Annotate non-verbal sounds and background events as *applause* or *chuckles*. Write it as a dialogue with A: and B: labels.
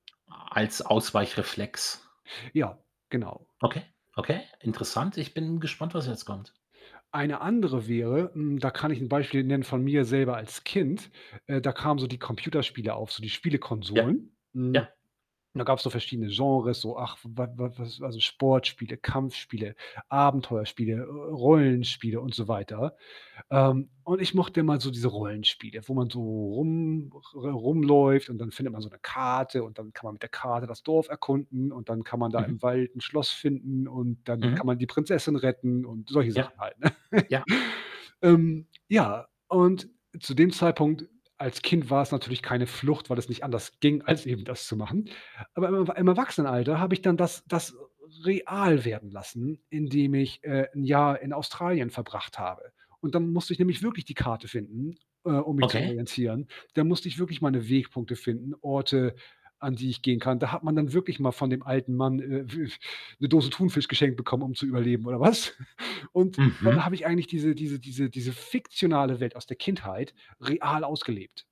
A: A als Ausweichreflex.
B: Ja, genau.
A: Okay, okay, interessant. Ich bin gespannt, was jetzt kommt.
B: Eine andere wäre, hm, da kann ich 'n Beispiel nennen von mir selber als Kind, äh, da kamen so die Computerspiele auf, so die
A: Ja,
B: Spielekonsolen. Hm,
A: ja.
B: da gab's so verschiedene Genres, so, ach, w wa wa was also, Sportspiele, Kampfspiele, Abenteuerspiele, äh, äh, Rollenspiele und so weiter. Ähm, und ich mochte immer so diese Rollenspiele, wo man so rum re rumläuft und dann findet man so 'ne Karte und dann kann man mit der Karte das Dorf erkunden und dann kann man da im
A: Mhm.
B: Wald 'n Schloss finden und dann kann
A: Mhm.
B: man die Prinzessin retten und solche
A: Ja.
B: Sachen halt, ne?
A: Ja.
B: *chuckles* Ähm, ja, und zu dem Zeitpunkt als Kind war es natürlich keine Flucht, weil es nicht anders ging, als eben das zu machen. Aber im Erw im Erwachsenenalter habe ich dann das das r real werden lassen, indem ich, äh, 'n Jahr in Australien verbracht habe und dann musste ich nämlich wirklich die Karte finden, äh, um mich zu
A: Okay.
B: orientieren. Da musste ich wirklich meine Wegpunkte finden, Orte, an die ich gehen kann. Da hat man dann wirklich mal von dem alten Mann, äh, w 'ne Dose Thunfisch geschenkt bekommen, um zu überleben oder was? *chuckles* Und da
A: Mhm.
B: habe ich eigentlich diese diese diese diese fiktionale Welt aus der Kindheit real ausgelebt.